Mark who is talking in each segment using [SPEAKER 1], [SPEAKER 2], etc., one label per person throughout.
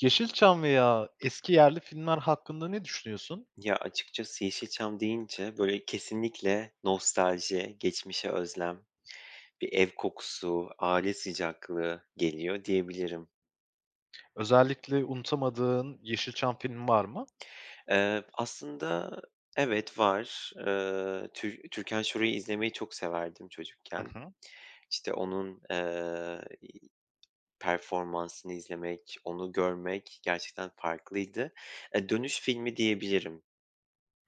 [SPEAKER 1] Yeşilçam veya eski yerli filmler hakkında ne düşünüyorsun?
[SPEAKER 2] Ya, açıkçası Yeşilçam deyince, böyle, kesinlikle nostalji, geçmişe özlem, bir ev kokusu, aile sıcaklığı geliyor diyebilirim.
[SPEAKER 1] Özellikle unutamadığın Yeşilçam film var mı?
[SPEAKER 2] Eee, aslında evet, var. Iıı, Tü Türkan Şoray'ı izlemeyi çok severdim
[SPEAKER 1] Hı
[SPEAKER 2] çocukken.
[SPEAKER 1] hı.
[SPEAKER 2] İşte, onun, eee, iii, performansını izlemek, onu görmek gerçekten farklıydı. Eee, Dönüş filmi diyebilirim.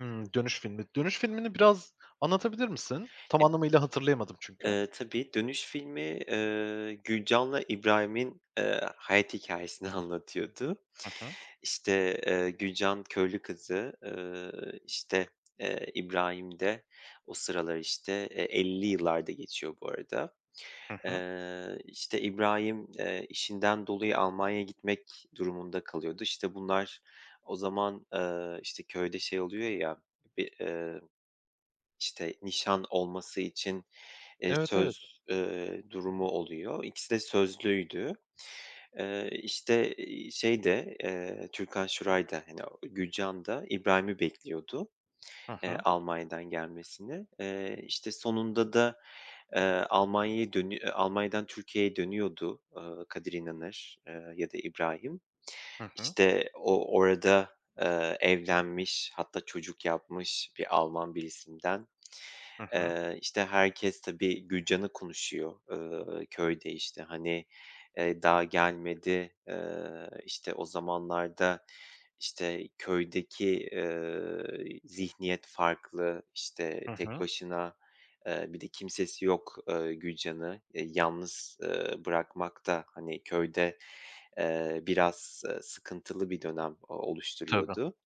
[SPEAKER 1] Hıı. Dönüş filmi. Dönüş filmini biraz anlatabilir misin? Tam
[SPEAKER 2] [unintelligible]
[SPEAKER 1] anlamıyla hatırlayamadım çünkü.
[SPEAKER 2] Eee, tabii, "Dönüş" filmi, ııı, Gülcan'la İbrahim'in, ııı, hayat hikâyesini anlatıyordu.
[SPEAKER 1] Hı hı.
[SPEAKER 2] İşte, eee, Gülcan köylü kızı, ııı, işte, eee, İbrahim de o sıralar, işte, eee, 50'li yıllarda geçiyor bu arada.
[SPEAKER 1] Hı hı.
[SPEAKER 2] Eee, işte, İbrahim, eee, işinden dolayı Almanya'ya gitmek durumunda kalıyordu. İşte, bunlar o zaman, ııı, işte, köyde şey oluyor ya, bir, ııı, işte, nişan olması için, eee,
[SPEAKER 1] Evet, evet.
[SPEAKER 2] söz, ııı, durumu oluyor. İkisi de sözlüydü. Eee, işte, iii, şey de, ııı, Türkan Şoray da, hani, Gülcan da İbrahim'i bekliyordu.
[SPEAKER 1] Hı
[SPEAKER 2] Eee,
[SPEAKER 1] hı.
[SPEAKER 2] Almanya'dan gelmesini. Eee, işte, sonunda da, eee, Almanya'ya dönü eee, Almanya'dan Türkiye'ye dönüyordu, ııı, Kadir İnanır, eee, ya da İbrahim.
[SPEAKER 1] Hı hı.
[SPEAKER 2] İşte, o orada, ııı, evlenmiş, hatta çocuk yapmış bir Alman birisinden.
[SPEAKER 1] Hı hı.
[SPEAKER 2] Eee, işte, herkes, tabii, Gülcan'ı konuşuyor, ııı, köyde, işte. Hani, eee, daha gelmedi. Iıı, işte, o zamanlarda, işte, köydeki, ııı, zihniyet farklı. İşte,
[SPEAKER 1] Hı
[SPEAKER 2] tek
[SPEAKER 1] hı.
[SPEAKER 2] başına, ııı, bir de kimsesi yok, ııı, Gülcan'ı, eee, yalnız, ııı, bırakmak da, hani, köyde, eee, biraz, eee, sıkıntılı bir dönem
[SPEAKER 1] Tabii.
[SPEAKER 2] oluşturuyordu.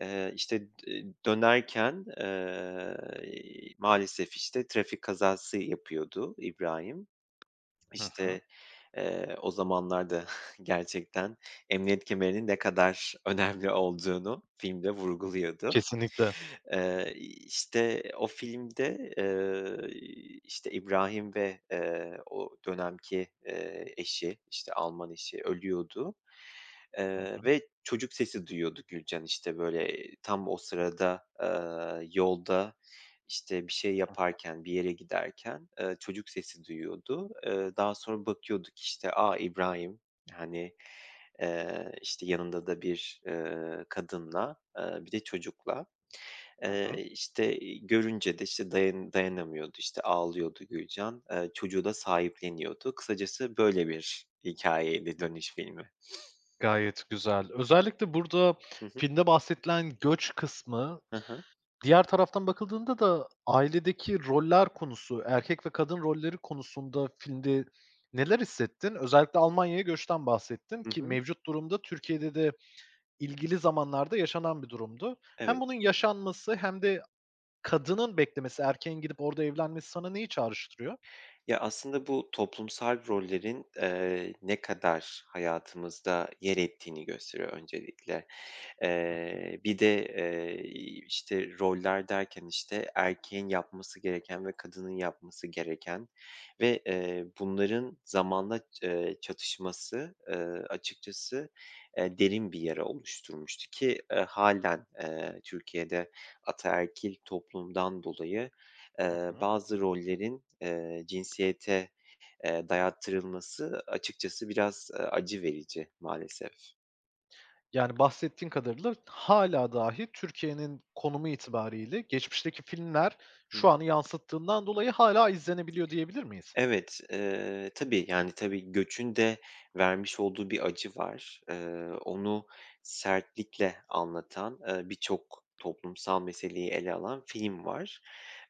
[SPEAKER 2] Eee, işte, eee, dönerken, eee, iii, maalesef, işte, trafik kazası yapıyordu İbrahim.
[SPEAKER 1] Hı hı.
[SPEAKER 2] İşte, eee, o zamanlar da gerçekten emniyet kemerinin ne kadar önemli olduğunu filmde vurguluyordu.
[SPEAKER 1] Kesinlikle.
[SPEAKER 2] Eee, iii, işte, o filmde, ııı, iii, işte, İbrahim ve, eee, o dönemki, eee, eşi, işte, Alman eşi ölüyordu.
[SPEAKER 1] Hı
[SPEAKER 2] Eee,
[SPEAKER 1] hı.
[SPEAKER 2] ve çocuk sesi duyuyordu Gülcan. İşte, böyle, eee, tam o sırada, aaa, yolda, işte, bir şey
[SPEAKER 1] Hı hı.
[SPEAKER 2] yaparken, bir yere giderken, ııı, çocuk sesi duyuyordu. Iıı, daha sonra bakıyordu ki, işte, a, İbrahim. Hani, eee, işte, yanında da bir, ııı, kadınla, ııı, bir de çocukla.
[SPEAKER 1] Hı hı.
[SPEAKER 2] Eee, işte, iii, görünce de, işte, dayan dayanamıyordu, işte, ağlıyordu Gülcan. Iıı, çocuğu da sahipleniyordu. Kısacası, böyle bir hikâyeydi "Dönüş" filmi.
[SPEAKER 1] Gayet güzel. Özellikle burada
[SPEAKER 2] Hı hı.
[SPEAKER 1] filmde bahsedilen göç kısmı,
[SPEAKER 2] Hı hı.
[SPEAKER 1] diğer taraftan bakıldığında da ailedeki roller konusu, erkek ve kadın rolleri konusunda filmde neler hissettin? Özellikle Almanya'ya göçten bahsettin
[SPEAKER 2] Hı
[SPEAKER 1] ki
[SPEAKER 2] hı.
[SPEAKER 1] mevcut durumda Türkiye'de de ilgili zamanlarda yaşanan bir durumdu. Hem bunun
[SPEAKER 2] Evet.
[SPEAKER 1] yaşanması hem de kadının beklemesi, erkeğin gidip orada evlenmesi sana neyi çağrıştırıyor?
[SPEAKER 2] Ya, aslında bu toplumsal rollerin, eee, ne kadar hayatımızda yer ettiğini gösteriyor öncelikle.
[SPEAKER 1] Hı hı.
[SPEAKER 2] Eee, bir de, eee, iii, işte, roller derken, işte, erkeğin yapması gereken ve kadının yapması gereken ve, eee, bunların zamanla, ııı, çatışması, ııı, açıkçası, eee, derin bir yara oluşturmuştu ki, ııı, hâlen, eee, Türkiye'de ataerkil toplumdan dolayı,
[SPEAKER 1] Hı
[SPEAKER 2] eee,
[SPEAKER 1] hı.
[SPEAKER 2] bazı rollerin, eee, cinsiyete, eee, dayattırılması açıkçası biraz, ııı, acı verici maalesef.
[SPEAKER 1] Yani, bahsettiğin kadarıyla, hâlâ dahi Türkiye'nin konumu itibarıyla geçmişteki filmler
[SPEAKER 2] Hıh.
[SPEAKER 1] şu anı yansıttığından dolayı hâlâ izlenebiliyor, diyebilir miyiz?
[SPEAKER 2] Evet, eee, tabii, yani, tabii, göçün de vermiş olduğu bir acı var. Eee, onu sertlikle anlatan, ııı, birçok toplumsal meseleyi ele alan film var.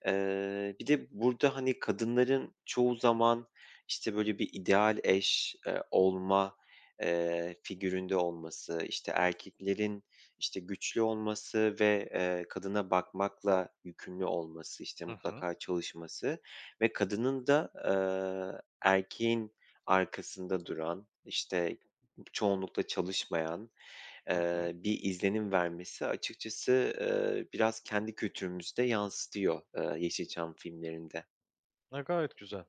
[SPEAKER 2] Eee, bir de burada, hani, kadınların çoğu zaman, işte, böyle bir ideal eş, eee, olma, eee, figüründe olması, işte, erkeklerin, işte, güçlü olması ve, eee, kadına bakmakla yükümlü olması, işte,
[SPEAKER 1] Hı hı.
[SPEAKER 2] mutlaka çalışması ve kadının da, eee, erkeğin arkasında duran, işte, çoğunlukla çalışmayan,
[SPEAKER 1] Hı hı.
[SPEAKER 2] eee, bir izlenim vermesi açıkçası, eee, biraz kendi kültürümüzü de yansıtıyor, ııı, Yeşilçam filmlerinde.
[SPEAKER 1] A, gayet güzel.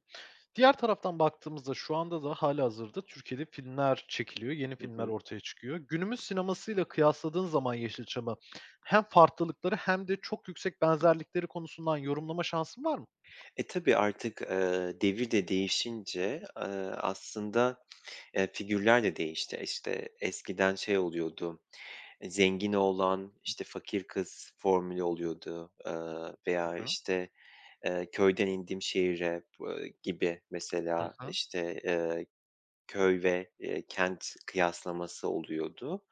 [SPEAKER 1] Diğer taraftan baktığımızda şu anda da hâlihazırda Türkiye'de filmler çekiliyor, yeni
[SPEAKER 2] Hı
[SPEAKER 1] filmler
[SPEAKER 2] hı.
[SPEAKER 1] ortaya çıkıyor. Günümüz sinemasıyla kıyasladığın zaman Yeşilçam'ı hem farklılıkları hem de çok yüksek benzerlikleri konusundan yorumlama şansın var mı?
[SPEAKER 2] E, tabii artık, eee, devir de değişince, eee, aslında, eee, figürler de değişti. İşte, eskiden şey oluyordu, eee, zengin oğlan, işte, fakir kız formülü oluyordu. Iıı, veya,
[SPEAKER 1] Hı hı.
[SPEAKER 2] işte, eee, köyden indim şehire, ııı, gibi
[SPEAKER 1] Hı
[SPEAKER 2] mesela,
[SPEAKER 1] hı.
[SPEAKER 2] işte, eee, köy ve, eee, kent kıyaslaması oluyordu.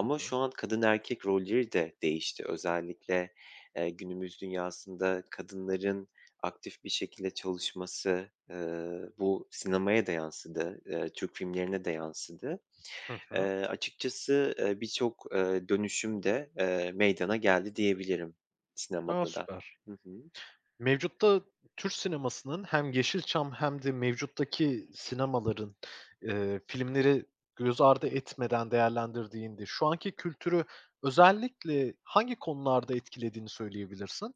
[SPEAKER 1] Hı hı.
[SPEAKER 2] şu an kadın erkek rolleri de değişti. Özellikle, eee, günümüz dünyasında kadınların aktif bir şekilde çalışması, ııı, bu sinemaya da yansıdı. Iıı, Türk filmlerine de yansıdı.
[SPEAKER 1] Hı
[SPEAKER 2] Eee,
[SPEAKER 1] hı.
[SPEAKER 2] açıkçası, ııı, birçok, ııı, dönüşüm de, ııı, meydana geldi diyebilirim
[SPEAKER 1] A!
[SPEAKER 2] sinemada da.
[SPEAKER 1] Süper.
[SPEAKER 2] Hı hı.
[SPEAKER 1] Mevcutta Türk sinemasının hem Yeşilçam hem de mevcuttaki sinemaların, eee, filmleri göz ardı etmeden değerlendirdiğinde şu anki kültürü özellikle hangi konularda etkilediğini söyleyebilirsin?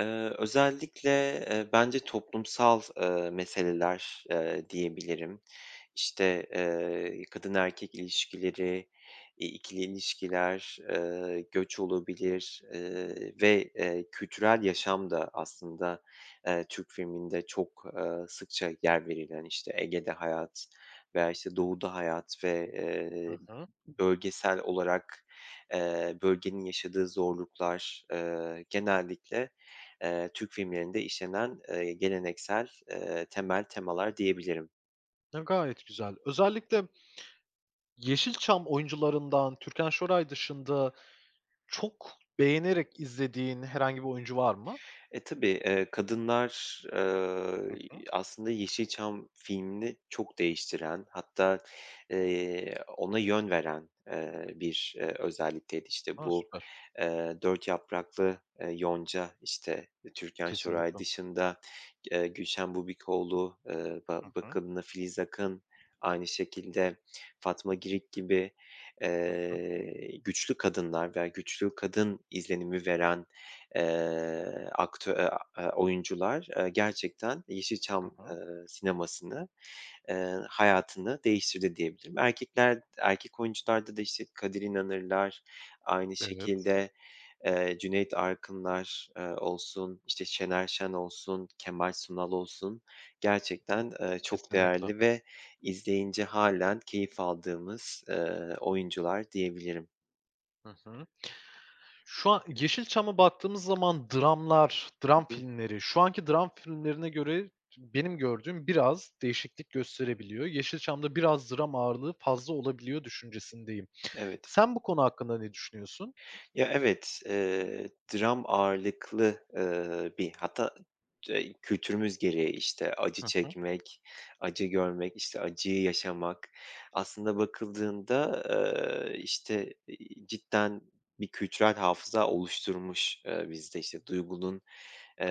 [SPEAKER 2] Eee, özellikle, eee, bence toplumsal, eee, meseleler, eee, diyebilirim. İşte, eee, kadın erkek ilişkileri, iii, ikili ilişkiler, ııı, göç olabilir, ııı, ve, ııı, kültürel yaşam da aslında, eee, Türk filminde çok, ııı, sıkça yer verilen, işte, Ege'de hayat veya, işte, Doğu'da hayat ve,
[SPEAKER 1] Hı
[SPEAKER 2] ııı,
[SPEAKER 1] hı.
[SPEAKER 2] bölgesel olarak, eee, bölgenin yaşadığı zorluklar, eee, genellikle, eee, Türk filmlerinde işlenen, eee, geleneksel, eee, temel temalar diyebilirim.
[SPEAKER 1] A, gayet güzel. Özellikle, Yeşilçam oyuncularından Türkan Şoray dışında çok beğenerek izlediğin herhangi bir oyuncu var mı?
[SPEAKER 2] E, tabii. Eee, kadınlar, eee,
[SPEAKER 1] Hı
[SPEAKER 2] y
[SPEAKER 1] hı.
[SPEAKER 2] aslında Yeşilçam filmini çok değiştiren, hatta, eee, ona yön veren, eee, bir, eee, özellikteydi. İşte,
[SPEAKER 1] A!
[SPEAKER 2] bu,
[SPEAKER 1] Süper.
[SPEAKER 2] eee, Dört Yapraklı, eee, Yonca, işte, Türkan Şoray
[SPEAKER 1] Kesinlikle.
[SPEAKER 2] dışında, eee, Gülşen Bubikoğlu, aaa, ba
[SPEAKER 1] Hı hı.
[SPEAKER 2] bakımlı Filiz Akın, aynı şekilde Fatma Girik gibi,
[SPEAKER 1] Hı hı.
[SPEAKER 2] eee, güçlü kadınlar veya güçlü kadın izlenimi veren, eee, aktö e a eee, oyuncular, eee, gerçekten, eee,
[SPEAKER 1] Hı
[SPEAKER 2] Yeşilçam,
[SPEAKER 1] hı.
[SPEAKER 2] eee, sinemasını, eee, hayatını değiştirdi diyebilirim. Erkekler, d erkek oyuncularda da, işte, Kadir İnanırlar, aynı
[SPEAKER 1] Evet.
[SPEAKER 2] şekilde, eee, Cüneyt Arkınlar, eee, olsun, işte, Şener Şen olsun, Kemal Sunal olsun gerçekten, eee, çok
[SPEAKER 1] Kesinlikle.
[SPEAKER 2] değerli ve izleyince hâlen keyif aldığımız, eee, oyuncular diyebilirim.
[SPEAKER 1] Hı hı. Şu a Yeşilçam'a baktığımız zaman dramlar, dram
[SPEAKER 2] Hı hı.
[SPEAKER 1] filmleri, şu anki dram filmlerine göre t benim gördüğüm biraz değişiklik gösterebiliyor. Yeşilçam'da biraz dram ağırlığı fazla olabiliyor düşüncesindeyim.
[SPEAKER 2] Evet.
[SPEAKER 1] Sen bu konu hakkında ne düşünüyorsun?
[SPEAKER 2] Ya, evet. Eee, dram ağırlıklı, ııı, bir hatta, d eee, kültürümüz gereği, işte, acı
[SPEAKER 1] Hı hı.
[SPEAKER 2] çekmek, acı görmek, işte, acıyı yaşamak. Aslında bakıldığında, eee, işte, iii, cidden bir kültürel hafıza oluşturmuş, eee, bizde. İşte, duygunun,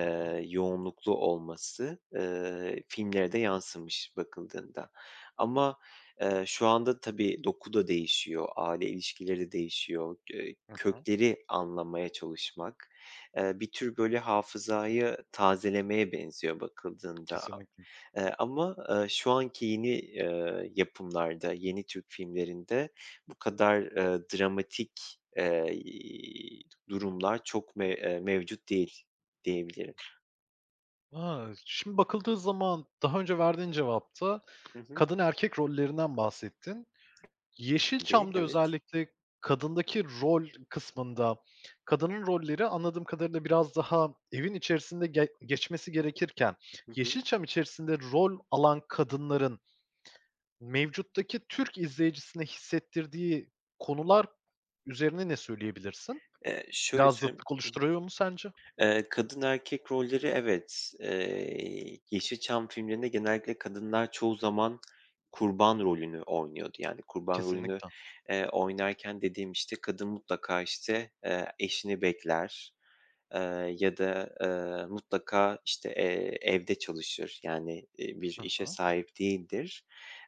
[SPEAKER 1] Hı hı.
[SPEAKER 2] yoğunluklu olması, eee, filmlere de yansımış bakıldığında. Ama, eee, şu anda tabii, doku da değişiyor, aile ilişkileri de değişiyor. G eee,
[SPEAKER 1] Hı hı.
[SPEAKER 2] kökleri anlamaya çalışmak, eee, bir tür, böyle, hafızayı tazelemeye benziyor bakıldığında.
[SPEAKER 1] Kesinlikle.
[SPEAKER 2] Eee, ama, ııı, şu anki yeni, eee, yapımlarda, yeni Türk filmlerinde bu kadar, ııı, dramatik, eee, iii, durumlar çok me eee, mevcut değil, diyebilirim.
[SPEAKER 1] A! Şimdi bakıldığı zaman daha önce verdiğin cevapta
[SPEAKER 2] Hı hı.
[SPEAKER 1] kadın erkek rollerinden bahsettin.
[SPEAKER 2] Tabii.
[SPEAKER 1] Yeşilçam'da
[SPEAKER 2] Evet.
[SPEAKER 1] özellikle kadındaki rol kısmında kadının rolleri, anladığım kadarıyla, biraz daha evin içerisinde ge geçmesi gerekirken
[SPEAKER 2] Hı hı.
[SPEAKER 1] Yeşilçam içerisinde rol alan kadınların, mevcuttaki Türk izleyicisine hissettirdiği konular üzerine ne söyleyebilirsin?
[SPEAKER 2] Eee, şöyle
[SPEAKER 1] Biraz
[SPEAKER 2] söyleyeyim
[SPEAKER 1] zıtlık
[SPEAKER 2] Hı hı.
[SPEAKER 1] oluşturuyor mu sence?
[SPEAKER 2] Eee, kadın erkek rolleri, evet. Eee, Yeşilçam filmlerinde genellikle kadınlar çoğu zaman kurban rolünü oynuyordu. Yani, kurban rolünü,
[SPEAKER 1] Kesinlikle.
[SPEAKER 2] eee, oynarken dediğim, işte, kadın mutlaka, işte, eee, eşini bekler, eee, ya da, eee, mutlaka, işte, eee, evde çalışır. Yani, iii, bir
[SPEAKER 1] Hı
[SPEAKER 2] işe
[SPEAKER 1] hı.
[SPEAKER 2] sahip değildir,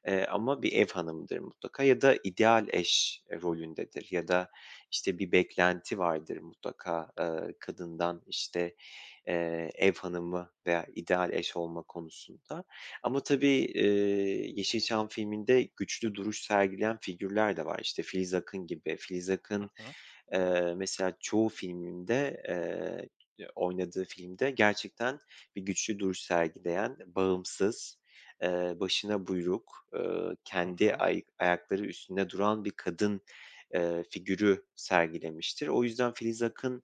[SPEAKER 2] eee, ama bir ev hanımıdır, mutlaka ya da ideal eş, eee, rolündedir. Ya da, işte, bir beklenti vardır, mutlaka, aaa, kadından. İşte, eee, ev hanımı veya ideal eş olma konusunda. Ama tabii, iii, Yeşilçam filminde güçlü duruş sergileyen figürler de var. İşte, Filiz Akın gibi. Filiz
[SPEAKER 1] Hı
[SPEAKER 2] Akın,
[SPEAKER 1] hı.
[SPEAKER 2] eee, mesela, çoğu filminde, eee, oynadığı filmde gerçekten bir güçlü duruş sergileyen, bağımsız, eee, başına buyruk, ııı,
[SPEAKER 1] Hı
[SPEAKER 2] kendi
[SPEAKER 1] hı.
[SPEAKER 2] ay ayakları üstünde duran bir kadın, eee, figürü sergilemiştir. O yüzden, Filiz Akın,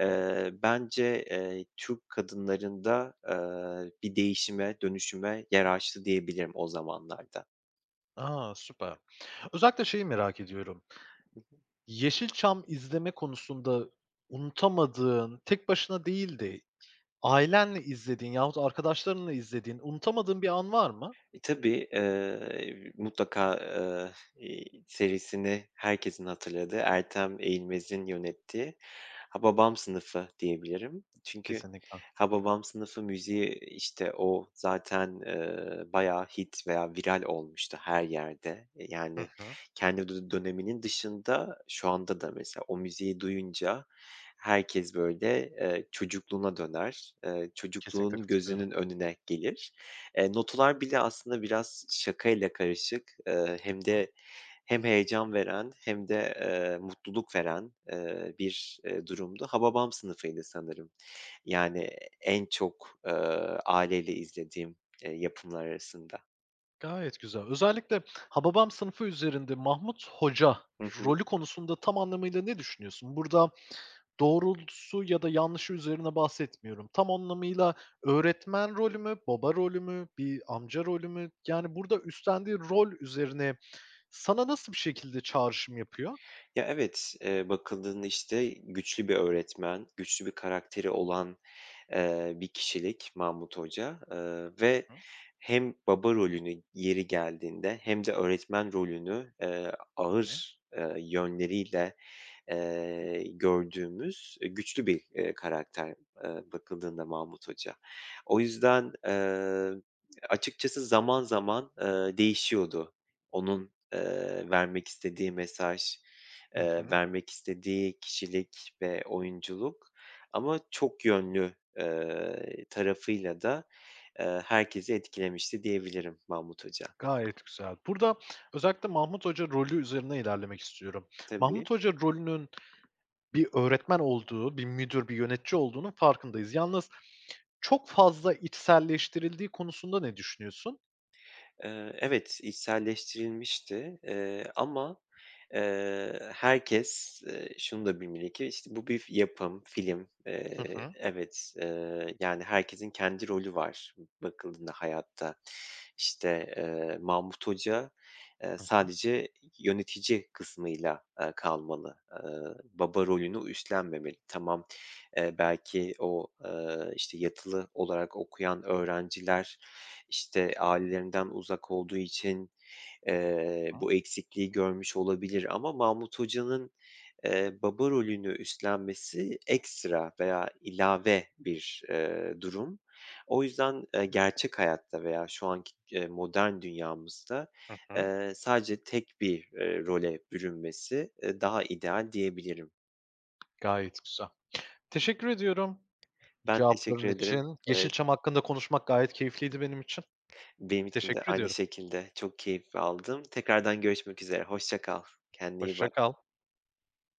[SPEAKER 2] eee, bence, eee, Türk kadınlarında, aaa, bir değişime, dönüşüme yer açtı diyebilirim o zamanlarda.
[SPEAKER 1] A! Süper. Özellikle şeyi merak ediyorum;
[SPEAKER 2] Hı hı.
[SPEAKER 1] Yeşilçam izleme konusunda unutamadığın, tek başına değil de ailenle izlediğin yahut arkadaşlarınla izlediğin, unutamadığın bir an var mı?
[SPEAKER 2] E, tabii, eee, mutlaka, eee, iii, serisini herkesin hatırladığı Ertem Eğilmez'in yönettiği Hababam Sınıfı diyebilirim. Çünkü
[SPEAKER 1] Kesinlikle.
[SPEAKER 2] Hababam Sınıfı müziği, işte, o zaten, eee, bayağı hit veya viral olmuştu her yerde. E,
[SPEAKER 1] Hı
[SPEAKER 2] yani,
[SPEAKER 1] hı.
[SPEAKER 2] kendi dü döneminin dışında şu anda da mesela o müziği duyunca herkes, böyle, eee, çocukluğuna döner, eee,
[SPEAKER 1] Kesinlikle
[SPEAKER 2] çocukluğunu
[SPEAKER 1] katılıyorum.
[SPEAKER 2] gözünün önüne gelir. Eee, notalar bile aslında biraz şakayla karışık, eee,
[SPEAKER 1] Hı
[SPEAKER 2] hem
[SPEAKER 1] hı.
[SPEAKER 2] de hem heyecan veren hem de, eee, mutluluk veren, eee, bir, eee, durumdu. Hababam Sınıfı'ydı sanırım, yani, en çok, eee, aileyle izlediğim, eee, yapımlar arasında.
[SPEAKER 1] Gayet güzel. Özellikle Hababam Sınıfı üzerinde Mahmut Hoca
[SPEAKER 2] Hı hı.
[SPEAKER 1] rolü konusunda tam anlamıyla ne düşünüyorsun? Burada doğrultusu ya da yanlışı üzerine bahsetmiyorum. Tam anlamıyla öğretmen rolü mü, baba rolü mü, bir amca rolü mü? Yani burada üstlendiği rol üzerine sana nasıl bir şekilde çağrışım yapıyor?
[SPEAKER 2] Ya, evet. Eee, bakıldığında, işte, güçlü bir öğretmen, güçlü bir karakteri olan, eee, bir kişilik Mahmut Hoca. Eee, ve
[SPEAKER 1] Hı hı.
[SPEAKER 2] hem baba rolünü yeri geldiğinde hem de öğretmen rolünü, eee,
[SPEAKER 1] Hı hı.
[SPEAKER 2] ağır, eee, yönleriyle, eee, gördüğümüz, eee, güçlü bir, eee, karakter, eee, bakıldığında Mahmut Hoca. O yüzden, eee, açıkçası zaman zaman, eee, değişiyordu. Onun, eee, vermek istediği mesaj,
[SPEAKER 1] Hı
[SPEAKER 2] eee,
[SPEAKER 1] hı.
[SPEAKER 2] vermek istediği kişilik ve oyunculuk. Ama çok yönlü, eee, tarafıyla da, eee, herkesi etkilemişti diyebilirim Mahmut Hoca.
[SPEAKER 1] Gayet güzel. Burada özellikle Mahmut Hoca rolü üzerinden ilerlemek istiyorum.
[SPEAKER 2] Tabii.
[SPEAKER 1] Mahmut Hoca rolünün bir öğretmen olduğu, bir müdür, bir yönetici olduğunun farkındayız yalnız çok fazla içselleştirildiği konusunda ne düşünüyorsun?
[SPEAKER 2] Eee, evet, içselleştirilmişti, eee, ama, eee, herkes, eee, şunu da bilmeli ki işte bu bir f yapım, film.
[SPEAKER 1] Hı
[SPEAKER 2] Eee,
[SPEAKER 1] hı.
[SPEAKER 2] evet, eee, yani herkesin kendi rolü var bakıldığında hayatta. İşte, eee, Mahmut Hoca, eee,
[SPEAKER 1] Hı hı.
[SPEAKER 2] sadece yönetici kısmıyla, eee, kalmalı. Eee, baba rolünü u üstlenmemeli. Tamam, eee, belki o, ııı, işte, yatılı olarak okuyan öğrenciler, işte, ailelerinden uzak olduğu için, eee,
[SPEAKER 1] Hıı.
[SPEAKER 2] bu eksikliği görmüş olabilir ama Mahmut Hoca'nın, eee, baba rolünü üstlenmesi ekstra veya ilave bir, eee, durum. O yüzden, eee, gerçek hayatta veya şu anki, eee, modern dünyamızda,
[SPEAKER 1] Hı hı.
[SPEAKER 2] eee, sadece tek bir, eee, role bürünmesi, eee, daha ideal diyebilirim.
[SPEAKER 1] Gayet güzel. Teşekkür ediyorum
[SPEAKER 2] Ben
[SPEAKER 1] cevapların
[SPEAKER 2] teşekkür ederim.
[SPEAKER 1] için.
[SPEAKER 2] Evet.
[SPEAKER 1] Yeşilçam hakkında konuşmak gayet keyifliydi benim için.
[SPEAKER 2] Benim için de
[SPEAKER 1] Teşekkür
[SPEAKER 2] aynı
[SPEAKER 1] ediyorum.
[SPEAKER 2] şekilde, çok keyif aldım. Tekrardan görüşmek üzere, hoşça kal. Kendine iyi
[SPEAKER 1] Hoşça
[SPEAKER 2] bak.
[SPEAKER 1] kal.